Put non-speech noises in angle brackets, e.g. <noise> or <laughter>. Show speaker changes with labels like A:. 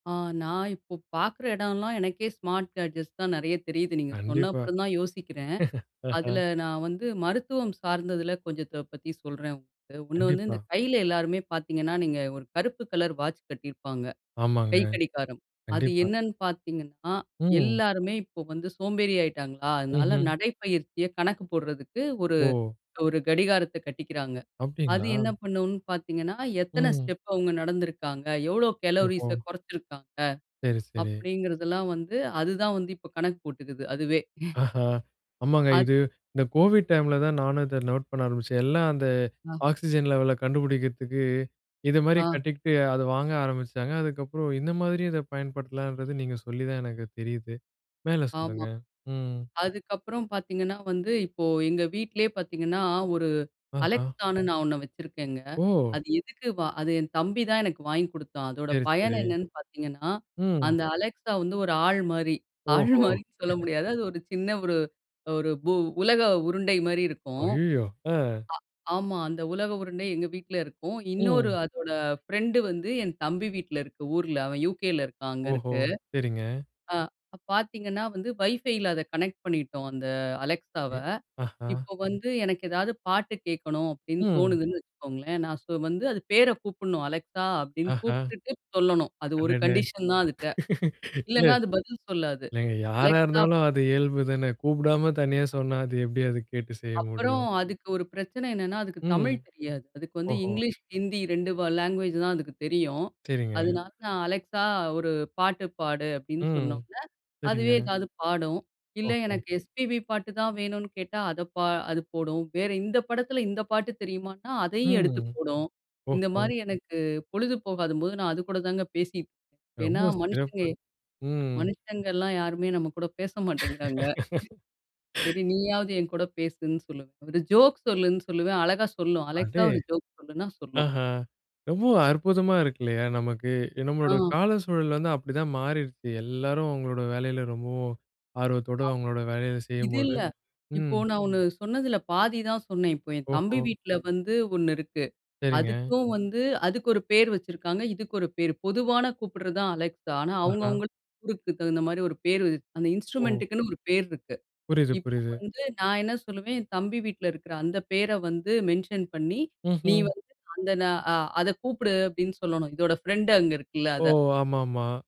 A: ஆ. நான் இப்போ, பாக்குற இடயெல்லாம், எனக்கே ஸ்மார்ட் கேட்ஜெட்ஸ் தான் நெறைய தெரியுது. நீங்க, சொன்ன
B: கண்டிப்பா. <laughs>
A: அப்பறம் தான் யோசிக்கிறன்.
B: ஆஹா!
A: அதில, நான் வந்து மருத்துவம் சார்ந்ததில கொஞ்சத்த பத்தி சொல்றன், உங்களுக்கு. ஒண்ணு வந்து, இந்த
B: கண்டிப்பா.
A: கைல எல்லாருமே பாத்தீங்கன்னா, நீங்க ஒரு கருப்பு கலர் வாட்ச் கட்டியிருப்பாங்க.
B: ஆமாங்க.
A: கைக்கடிகாரம்! அது,
B: கண்டிப்பா.
A: என்னென்னு பாத்தீங்கன்னா,
B: ம்.
A: எல்லாருமே இப்போ வந்து சோம்பேறி ஆகிட்டாங்களா, அதனால
B: ம்ஹ்ம்.
A: நடைப்பயிற்சிய கணக்கு போடுறதுக்கு ஒரு
B: ஓ.
A: ஒரு கடிகாரத்த கட்டிக்கிறாங்க. அது
B: அப்டிங்களா?
A: என்ன பண்ணும்னு பாத்தீங்கன்னா, எத்தன
B: ம்.
A: ஸ்டெப் அவுங்க நடந்திருக்காங்க? எவ்வளோ கலோரிஸ
B: ஓஹோ.
A: குறைச்சிருக்காங்க?
B: சேரி, சேரி.
A: அப்டிங்கிறதெல்லாம் வந்து, அதுதான் வந்து, இப்போ கணக்கு போட்டுக்குது, அதுவே!
B: ஆஹா. ஆமாங்க. இது
A: அது
B: இந்த கோவிட் டைம்ல தான், நானும் இத நோட் பண்ண ஆரம்பிச்சன். எல்லாம் அந்த
A: ஆ,
B: ஆக்ஸிஜன் லெவல கண்டுபிடிக்கறதுக்கு, இது மாரி
A: ஆ,
B: கட்டிக்கிட்டு அதை வாங்க ஆரம்பிச்சாங்க. அதுக்கப்புறம், இந்த மாரியும், இதை பயன்படுத்தலான்றது, நீங்க சொல்லி தான் எனக்கு தெரியுது. மேலே
A: ஆமா.
B: சொல்லுங்க! ம்.
A: அதுக்கப்பறம் பாத்தீங்கன்னா வந்து, இப்போ எங்க வீட்லயே பாத்தீங்கன்னா, ஒரு
B: ஆஹா.
A: Alexaன்னு நான் ஒண்ணு வச்சிருக்கேங்க.
B: ஓ!
A: அது எதுக்கு வா அது, என் தம்பி தான், எனக்கு வாங்கி குடுத்தான். அதோட
B: சேரி,
A: பயன்,
B: சேரி.
A: என்னன்னு பாத்தீங்கன்னா,
B: ம்.
A: அந்த Alexa வந்து ஒரு ஆள் மாரி.
B: ஓஹோ!
A: ஆள் மாரின்னு சொல்ல
B: <laughs>
A: முடியாது. அது ஒரு சின்ன ஒரு ஒரு பூ உலக உருண்டை மாரி இருக்கும்.
B: அய்யயோ! அஹ்!
A: ஆ ஆமா. அந்த உலக உருண்டை, எங்க வீட்ல இருக்கும். இன்னொரு,
B: ம்.
A: அதோட ஃப்ரெண்ட் வந்து, என் தம்பி வீட்ல இருக்கு, ஊர்ல. அவன் UKல இருக்கான்! அங்க
B: ஓஹோ!
A: இருக்கு.
B: சேரிங்க.
A: ஆ, பாத்தீங்கன்னா வந்து, வைஃபைல, அத கனெக்ட் பண்ணிட்டோம், அந்த Alexaவ.
B: எ ஆஹா!
A: இப்ப வந்து, எனக்கு எதாவது பாட்டு கேட்கணும், அப்டின்னு
B: ம்.
A: தோணுதுன்னு வச்சுக்கோங்களேன். நான் சொ வந்து, அது பேரை கூப்புடனும். Alexa! அப்பிடின்னு
B: ஆஹா.
A: கூப்ட்டுட்டு சொல்லணும். அது ஒரு
B: அடடே!
A: கண்டிஷன் தான் அதுட்ட!
B: <laughs> இல்ல.
A: இல்லனா, அது பதில் சொல்லாது.
B: இல்லங்க, யாரா
A: Alexa
B: இருந்தாலும் அது இயல்பு தான! கூப்புடாம தனியா சொன்னா, அது எப்படி, அது கேட்டு செய்ய முடியும்?
A: அப்பறம், அதுக்கு ஒரு பிரச்சனை என்னன்னா, அதுக்கு
B: ம்.
A: தமிழ் தெரியாது. அதுக்கு வந்து
B: ஓஹோ!
A: இங்கிலீஷ், ஹிந்தி 2 வ லாங்குவேஜ் தான் அதுக்கு தெரியும்.
B: சேரிங்க.
A: அதனால நான் Alexa! ஒரு பாட்டு பாடு அப்படின்னு
B: ம்.
A: சொன்னவுடனே, அதுவே
B: செரிங்க.
A: ஏதாவது பாடும். இல்ல,
B: ஓஹோ.
A: எனக்கு எஸ்பிபி பாட்டு தான் வேணும்னு கேட்டா, அதை பா அது போடும். வேறு இந்த படத்தில, இந்த பாட்டு தெரியுமான்னா, அதையும் எடுத்து
B: ம்.
A: போடும். இந்த
B: ஓஹோ!
A: மாதிரி எனக்கு பொழுது போகாதம்போது, நான் அதுகூட தாங்க பேசி ஏன்னா,
B: ரொம்ப
A: மனுஷங்க
B: சிறப்பு. ம்.
A: மனுஷங்கல்லாம் யாருமே நம்ம கூட பேச மாட்டேங்கிறாங்க. செரி,
B: <laughs>
A: நீயாவது என் கூட பேசுன்னு சொல்லுவன். ஒரு ஜோக் சொல்லுன்னு சொல்லுவன். அழகா சொல்லும்! Alexa!
B: அடே!
A: ஒரு ஜோக் சொல்லுன்னா, சொல்லும்.
B: ஆஹா! ரொம்பவும் அற்புதமா இருக்கு இல்லையா, நமக்கு! நம்மளோட
A: ஆ.
B: கால சூழல் வந்து, அப்டிதான் மாறிடுச்சு. எல்லாரும் அவங்களோட வேலையில ரொம்பவும் ஆர்வத்தோட,
A: ஆ.
B: அவங்களோட வேலைய
A: இது
B: செய்யும்போது
A: இல்ல. இப்போ,
B: ம்.
A: நான் ஒண்ணு சொன்னதுல பாதிதான் சொன்னேன். இப்போ என் தம்பி
B: ஓஹோ.
A: வீட்ல வந்து ஒண்ணு இருக்கு.
B: சேரிங்க.
A: அதுக்கும் வந்து அதுக்கு ஒரு பேர் வச்சிருக்காங்க. இதுக்கு ஒரு பேர். பொதுவான கூப்பிடுறது தான், Alexa! ஆனா,
B: ஆஹா.
A: அவங்கவங்களுக்கு ஊருக்கு தகுந்த மாதிரி ஒரு பேரு. அந்த
B: ஓ!
A: இன்ஸ்ட்ரூமென்ட்டுக்குன்னு ஒரு பேர் இருக்கு.
B: புரியுது,
A: இப்போ
B: புரியுது.
A: வந்து, நான் என்ன சொல்லுவேன்? என் தம்பி வீட்ல இருக்கிற அந்த பேரை வந்து மென்ஷன் பண்ணி, நீ
B: ம்ஹ்ம்.
A: வந்து அந்த ந அ அதக் கூப்பிடு அப்படின்னு சொல்லணும். இதோட ஃப்ரெண்ட் அங்கே இருக்குல்ல,
B: ஓ!
A: அத.
B: ஆமாமா!